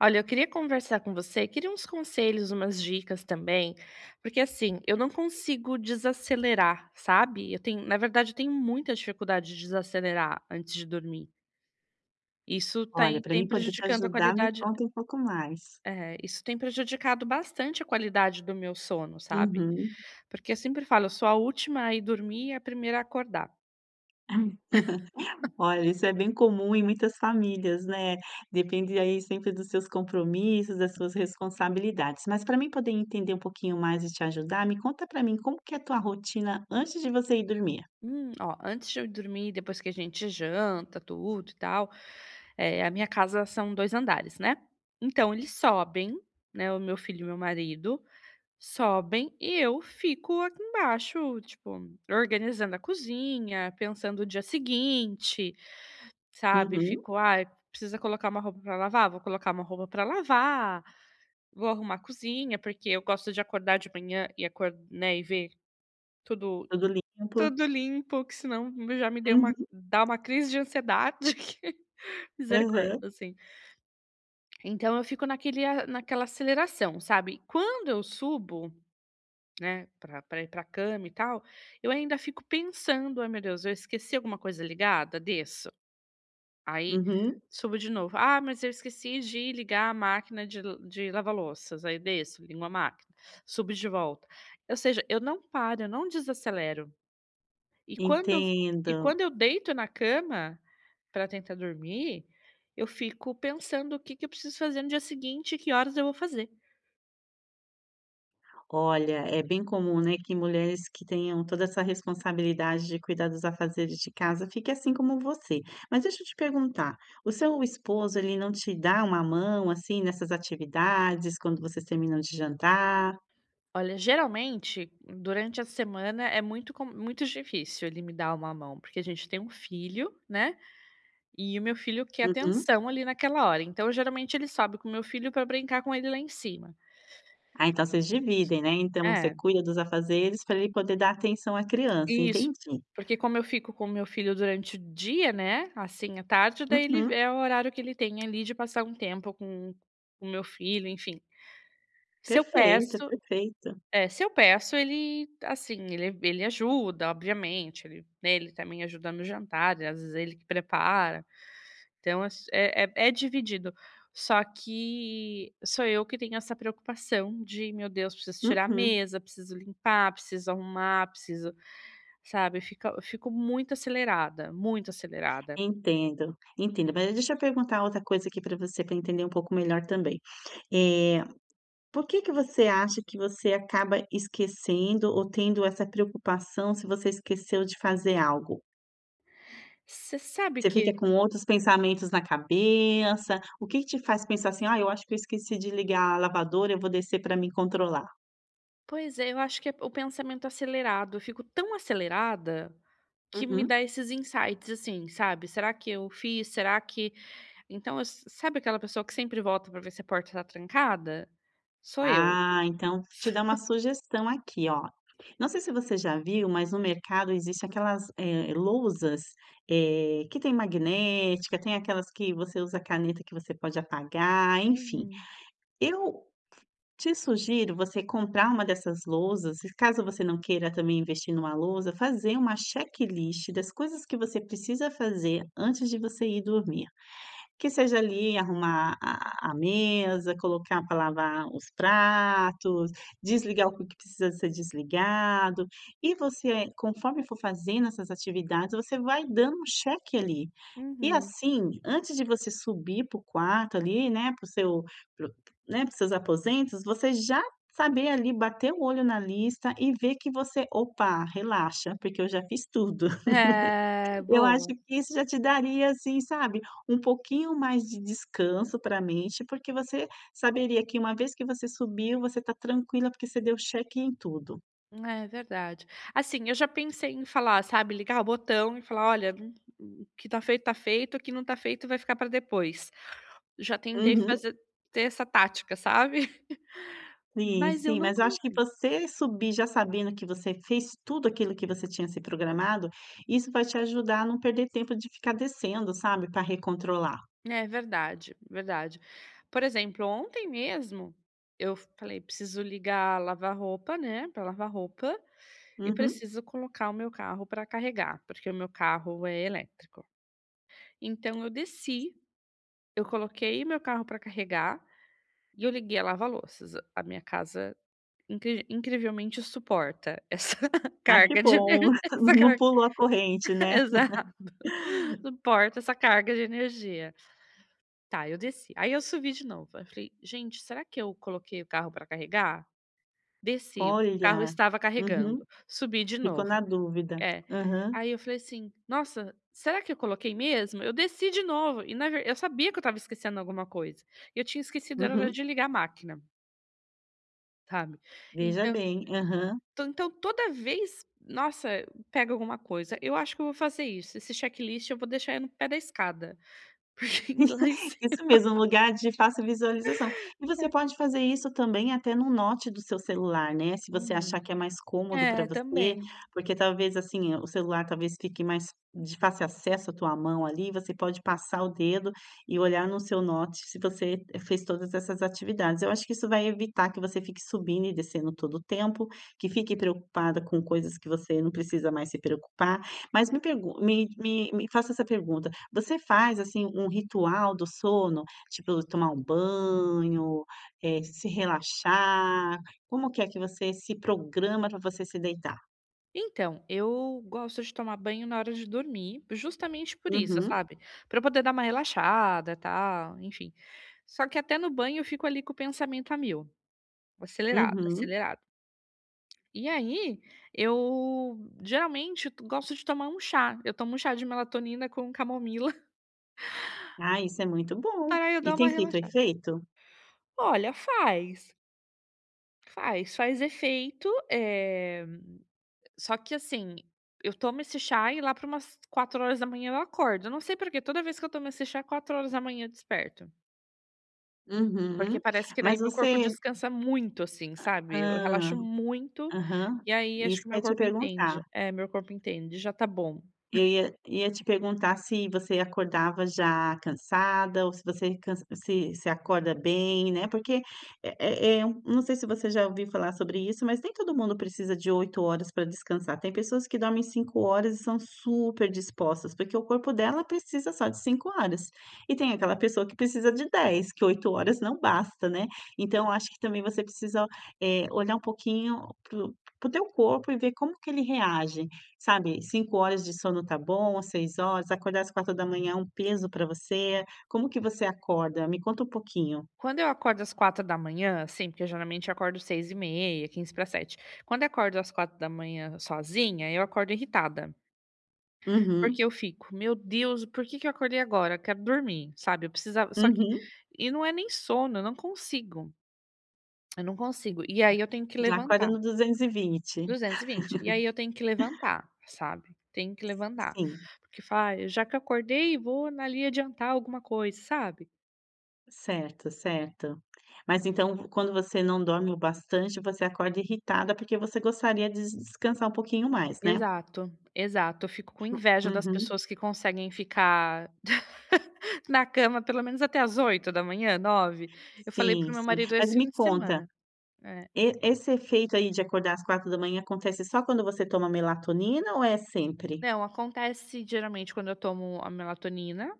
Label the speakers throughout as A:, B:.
A: Olha, eu queria conversar com você. Queria uns conselhos, umas dicas também, porque, assim, eu não consigo desacelerar, sabe, eu tenho na verdade, eu tenho muita dificuldade de desacelerar antes de dormir. Isso tá
B: Olha,
A: e
B: para
A: tem
B: mim poder te
A: prejudicando a
B: ajudar, me
A: qualidade
B: conta um pouco mais.
A: É, isso tem prejudicado bastante a qualidade do meu sono, sabe,
B: Uhum.
A: porque eu sempre falo: “Eu sou a última a ir dormir e a primeira a acordar”.
B: Olha, isso é bem comum em muitas famílias, né, depende aí sempre dos seus compromissos, das suas responsabilidades. Mas para mim poder entender um pouquinho mais e te ajudar, me conta para mim, como que é a tua rotina antes de você ir dormir?
A: Hum, ó, antes de eu dormir, depois que a gente janta, tudo e tal, eh, a minha casa são dois andares, né, então eles sobem, né, o meu filho e o meu marido sobem e eu fico aqui embaixo, tipo, organizando a cozinha, pensando o dia seguinte, sabe,
B: Uhum.
A: fico: "Aí, precisa colocar uma roupa pra lavar”, vou colocar uma roupa pra lavar, vou arrumar a cozinha. Porque eu gosto de acordar de manhã e acor né, e ver tudo,
B: Tudo limpo.
A: tudo limpo, que senão já me deu uma
B: Uhum.
A: dá uma crise de ansiedade que misericórdia,
B: Aham.
A: assim. Então eu fico naquele a naquela aceleração, sabe, quando eu subo, né, pra pra ir pra cama e tal, eu ainda fico pensando: "Ai, meu Deus, eu esqueci alguma coisa ligada?", desço, aí
B: Uhum.
A: subo de novo. "Ah, mas eu esqueci de ligar a máquina de de lava-louças." Aí eu desço, ligo a máquina, subo de volta, ou seja, eu não paro, eu não desacelero. E quando e f e
B: Entendo.
A: quando eu deito na cama, para tentar dormir, eu fico pensando o que que eu preciso fazer no dia seguinte, que horas eu vou fazer.
B: Olha, é bem comum, né, que mulheres que tenham toda essa responsabilidade de cuidar dos afazeres de casa fique assim como você. Mas deixa eu te perguntar: o seu esposo, ele não te dá uma mão, assim, nessas atividades, quando vocês terminam de jantar?
A: Olha, geralmente, durante a semana é muito com muito difícil ele me dar uma mão, porque a gente tem um filho, né. E o meu filho quer
B: Uhum.
A: atenção ali naquela hora. Então, geralmente, ele sobe com o meu filho para brincar com ele lá em cima.
B: Ah, então vocês dividem, né? Então você
A: É.
B: cuida dos afazeres pra ele poder dar atenção à criança,
A: Isso.
B: entendi.
A: Porque, como eu fico com o meu filho durante o dia, né, assim à tarde, daí ele
B: Uhum.
A: é o horário que ele tem ali de passar um tempo com com o meu filho, enfim. Se eu
B: Perfeito,
A: peço
B: perfeito.
A: é, se eu peço ele, assim, ele ele ajuda. Obviamente ele né, ele também ajuda no jantar e às vezes ele que prepara, então ass é é é dividido. Só que sou eu que tenho essa preocupação de: "Meu Deus, preciso tirar a
B: Uhum.
A: mesa, preciso limpar, preciso arrumar, preciso" sabe? Fica eu fico muito acelerada, muito acelerada.
B: Entendo. Entendo. Mas deixa eu perguntar outra coisa aqui para você, para entender um pouco melhor também: eh, por que que você acha que você acaba esquecendo ou tendo essa preocupação se você esqueceu de fazer algo?
A: Você sabe
B: Você fica
A: que
B: com outros pensamentos na cabeça. O que que te faz pensar, assim? "Ah, eu acho que eu esqueci de ligar a lavadora, eu vou descer pra mim controlar".
A: Pois é, eu acho que é o pensamento acelerado. Eu fico tão acelerada que me
B: Uhum.
A: dá esses insights, assim, sabe? Será que eu fiz? Será que Então eu s sabe aquela pessoa que sempre volta para ver se a porta tá trancada? Sou eu.
B: Ah, então vou te dar uma sugestão aqui, ó. Não sei se você já viu, mas no mercado existem aquelas, eh, lousas, eh, que tem magnética, tem aquelas que você usa caneta que você pode apagar, enfim.
A: Uhum.
B: Eu te sugiro você comprar uma dessas lousas e caso você não queira também investir numa lousa, fazer uma checklist das coisas que você precisa fazer antes de você ir dormir. Que seja ali, arrumar a a mesa, colocar para lavar os pratos, desligar o que que precisa ser desligado, e você, conforme for fazendo essas atividades, você vai dando um cheque ali. E
A: Uhum.
B: assim, antes de você subir para o quarto ali, né, para o seu p né, para os seus aposentos, você já saber ali, bater o olho na lista e ver que você "Opa, relaxa, porque eu já fiz tudo".
A: É,
B: Eu acho
A: boa.
B: que isso já te daria, assim, sabe, um pouquinho mais de descanso para a mente, porque você saberia que uma vez que você subiu, você tá tranquila porque você deu cheque em tudo.
A: É verdade, assim, eu já pensei em falar, sabe, ligar o botão e falar: "Olha, m m o que tá feito tá feito, o que não tá feito, vai ficar pra depois", já tentei
B: Uhum.
A: fazer ter essa tática, sabe,
B: Sim,
A: mas eu
B: sim,
A: não
B: mas eu acho que
A: consigo.
B: você subir, já sabendo que você fez tudo aquilo que você tinha se programado, isso vai te ajudar a não perder tempo de ficar descendo, sabe, pra recontrolar.
A: É verdade, verdade, por exemplo, ontem mesmo eu falei: "Preciso ligar lavar-roupa, né, pra lavar roupa, e
B: Uhum.
A: preciso colocar o meu carro pra carregar", porque o meu carro é elétrico, então eu desci, eu coloquei o meu carro pra carregar e eu liguei a lava-louças, a minha casa incri incrivelmente suporta essa
B: Ah, que
A: carga de
B: bom,
A: energi essa
B: não
A: carga,
B: pulou a corrente, né.
A: exato, suporta essa carga de energia. Tá, eu desci, aí eu subi de novo, aí eu falei: "Gente, será que eu coloquei o carro pra carregar?", desci, o carro
B: Olha,
A: estava carregando,
B: uhum,
A: subi de
B: ficou na
A: novo,
B: dúvida,
A: é,
B: aham.
A: aí eu falei assim: "Nossa, será que eu coloquei mesmo?", eu desci de novo e na ver eu sabia que eu estava esquecendo alguma coisa e eu tinha esquecido era
B: Uhum.
A: de ligar a máquina. Sabe,
B: Veja
A: então
B: bem, aham.
A: então então, toda vez, nossa, pega alguma coisa. Eu acho que eu vou fazer isso. Esse checklist eu vou deixar ele no pé da escada, porque ir lá em cima.
B: Isso mesmo, um lugar de fácil visualização, e você
A: É.
B: pode fazer isso também até no note do seu celular, né? Se você achar que
A: Uhum,
B: é mais cômodo para
A: é,
B: você,
A: também.
B: porque talvez, assim, o celular talvez fique mais de fácil acesso a tua mão, ali, você pode passar o dedo e olhar no seu note. Se você fez todas essas atividades, eu acho que isso vai evitar que você fique subindo e descendo todo o tempo, que fique preocupada com coisas que você não precisa mais se preocupar, mas me pergun me me me faço essa pergunta, você faz, assim, um ritual do sono, tipo tomar um banho, eh, se relaxar. Como que é que você se programa para você se deitar?
A: Então, eu gosto de tomar banho na hora de dormir, justamente por isso,
B: Uhum.
A: sabe, para eu poder dar uma relaxada e tal, enfim. Só que até no banho eu fico, ali, com o pensamento a 1000, acelerado,
B: Uhum.
A: acelerado. E aí, eu geralmente gosto de tomar um chá. Eu tomo um chá de melatonina com camomila.
B: Ah, isso é muito bom,
A: Pra eu
B: e
A: dá
B: tem
A: uma
B: feito o
A: relaxada.
B: efeito?
A: Olha, faz. Faz, faz efeito, eh, só que, assim, eu tomo esse chá e lá para umas 4:00 eu acordo. Eu não sei porque toda vez que eu tomo esse chá, é 4:00 eu desperto.
B: Uhum,
A: Porque parece que
B: mas
A: daí meu corpo
B: você
A: descansa muito, assim, sabe, eu
B: hã,
A: relaxo muito
B: aham,
A: e aí acho
B: isso
A: que
B: que
A: meu
B: ia te
A: corpo entende,
B: perguntar.
A: é meu corpo entende, já tá bom.
B: Eu ia ia te perguntar se você acordava já cansada ou se você cans se se acorda bem, né. Porque, eh eh eh, não sei se você já ouviu falar sobre isso, mas nem todo mundo precisa de 8h para descansar. Tem pessoas que dormem 5h e são super dispostas, porque o corpo dela precisa só de 5h. E tem aquela pessoa que precisa de 10 que 8h não basta, né? Então eu acho que também você precisa, eh, olhar um pouquinho para o para o teu corpo e ver como que ele reage, sabe, 5h de sono tá bom, às 6h, acordar às 4:00 é um peso para você? Como que você acorda? Me conta um pouquinho.
A: Quando eu acordo às 4:00, assim, porque geralmente acordo 6:30 e 6:45. Quando eu acordo às 4:00 sozinha, eu acordo irritada.
B: Uhum.
A: Porque eu fico: "Meu Deus, porque que eu acordei agora, quero dormir", sabe. Eu precisava só que
B: Uhum.
A: e não é nem sono, eu não consigo. Eu não consigo, e aí eu tenho que
B: Já acorda
A: levantar.
B: no 220.
A: 220. E aí eu tenho que levantar, sabe. Tenho que
B: S
A: levantar
B: sim.
A: porque fala: "Ai, já que eu acordei, vou na ali adiantar alguma coisa", sabe.
B: Certo, certo. Mas, então, quando você não dorme o bastante, você acorda irritada porque você gostaria des descansar um pouquinho mais, né?
A: Exato, exato. Eu fico com inveja das
B: Uhum.
A: pessoas que conseguem ficar na cama, pelo menos até às 8:00, 9. Eu falei
B: Sim,
A: pro meu
B: sim.
A: marido
B: Mas
A: esse fim
B: me
A: de
B: conta.
A: semana. Eh.
B: E esse efeito aí de acordar às 4:00 acontece só quando você toma melatonina ou é sempre?
A: Não, acontece geralmente quando eu tomo a melatonina,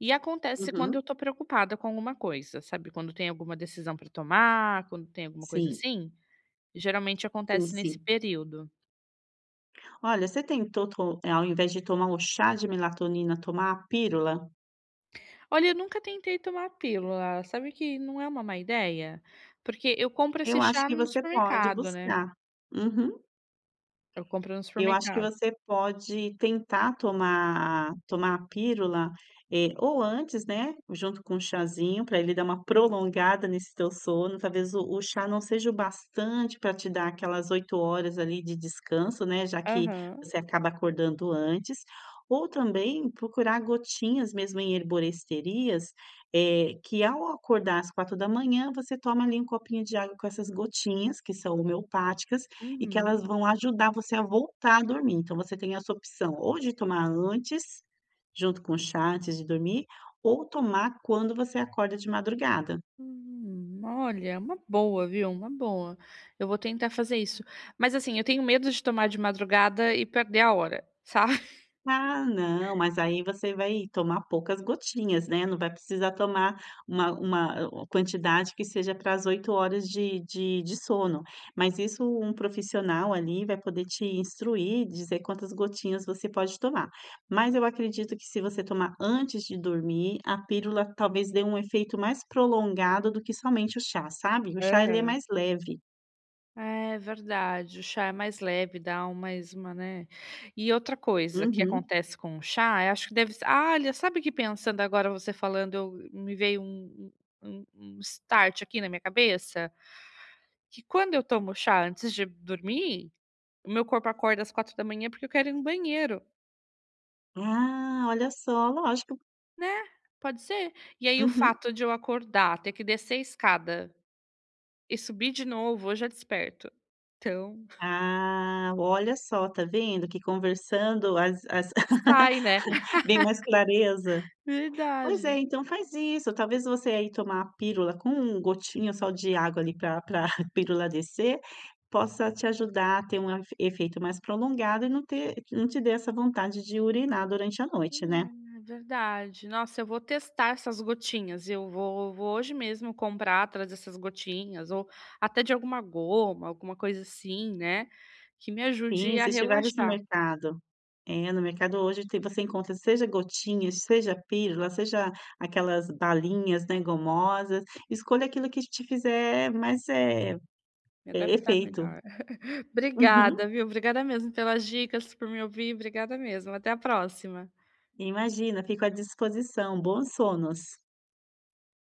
A: e acontece quando eu
B: Uhum.
A: estou preocupada com alguma coisa. Sabe, quando tem alguma decisão para tomar, quando tem alguma coisa
B: Sim.
A: assim? Geralmente
B: Sim,
A: acontece nesse
B: sim.
A: período.
B: Olha, você tentou to eh, ao invés de tomar o chá de melatonina, tomar a pílula?
A: Olha, eu nunca tentei tomar a pílula. Sabe que não é uma má ideia? Porque eu compro
B: Eu
A: esse
B: acho
A: chá
B: que
A: no
B: você pode
A: supermercado, né?
B: buscar. Uhum.
A: Eu compro no
B: Eu acho que
A: supermercado.
B: você pode tentar tomar a, tomar a pílula, eh, ou antes, né, junto com um chazinho para ele dar uma prolongada nesse teu sono. Talvez o o chá não seja o bastante para te dar aquelas 8 horas ali de descanso, né, já que
A: Aham.
B: você acaba acordando antes. Ou também procurar gotinhas mesmo em herboristerias, eh, que ao acordar às 4:00, você toma ali um copinho de água com essas gotinhas que são homeopáticas e que
A: Uhum.
B: elas vão ajudar você a voltar a dormir. Então você tem essa opção, ou de tomar antes, junto com o chá, antes de dormir, ou tomar quando você acorda de madrugada.
A: Hum. Olha! É uma boa, viu, uma boa. Eu vou tentar fazer isso, mas, assim, eu tenho medo de tomar de madrugada e perder a hora, sabe?
B: Ah, não, mas aí você vai tomar poucas gotinhas, né, não vai precisar tomar uma uma a quantidade que seja pra às 8 horas de de de sono. Mas isso um profissional, ali, vai poder te instruir, dizer quantas gotinhas você pode tomar. Mas eu acredito que se você tomar antes de dormir, a pílula, talvez dê um efeito mais prolongado do que somente o chá, sabe. O chá ele é
A: Aham.
B: mais leve.
A: É verdade, o chá é mais leve, dá mais uma, né. E outra coisa que
B: Uhum.
A: acontece com o chá, é acho que deve ser ah, olha, sabe que pensando agora você falando, eu me veio um um um um start aqui na minha cabeça? Que quando eu tomo chá antes de dormir, o meu corpo acorda às 4:00 porque eu quero ir no banheiro.
B: Ah, olha só, lógico.
A: Né? Pode ser. E aí o
B: Uhum.
A: fato de eu acordar, ter que descer a escada e subir de novo eu já desperto, então.
B: Ah, olha só, tá vendo que conversando as as
A: Sai, né?
B: vem mais clareza. Pois é,
A: Verdade.
B: então faz isso. Talvez você aí tomar a pílula com gotinha só de água ali pra pra pílula descer possa te ajudar a ter um afe efeito mais prolongado e não ter não te dê essa vontade de urinar durante a noite, né.
A: Ah, é verdade, nossa, eu vou testar essas gotinhas, eu vou vou hoje mesmo comprar atrás dessas gotinhas ou até de alguma goma, alguma coisa assim, né, que me
B: Sim,
A: ajude a
B: existe vários no
A: relaxar.
B: mercado, é no mercado hoje tem você encontra, seja gotinhas, seja pílula, seja aquelas balinhas, né, gomosas, escolha aquilo que te fizer mais, eh
A: Me
B: eh,
A: adaptar
B: efeito.
A: melhor.
B: Uhum.
A: Obrigada, viu? Obrigada mesmo pelas dicas, por me ouvir. Obrigada mesmo, até a próxima.
B: Imagina, fico à disposição. Bons sonos.